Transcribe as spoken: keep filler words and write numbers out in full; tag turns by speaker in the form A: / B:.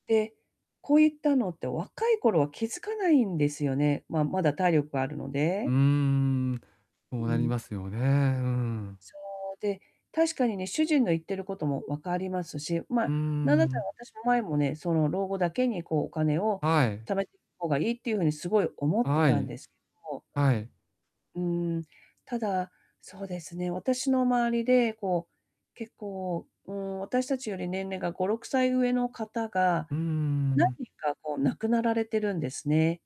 A: で、こういったのって若い頃は気づかないんですよね、まあ、まだ体力があるの
B: うー
A: で。
B: ん。そう
A: う
B: なり
A: ん。
B: ますよね。うん。
A: そう、で、確かにね、主人の言ってることも分かりますし、
B: う
A: ま、
B: ー
A: 何だったら
B: ん。
A: 私も前もね、その老後だけにこうお金を
B: はい。
A: 貯め方がいいっていう風にすごい思って
B: は
A: たん
B: い。
A: ですど。
B: はい。
A: うーん、ただ、そうですね、私の周りでこう、結構、うーん、私たちより年齢がごろくさい上の方が、
B: うー
A: 何
B: ん。
A: 人かこう亡くなられてるんですね。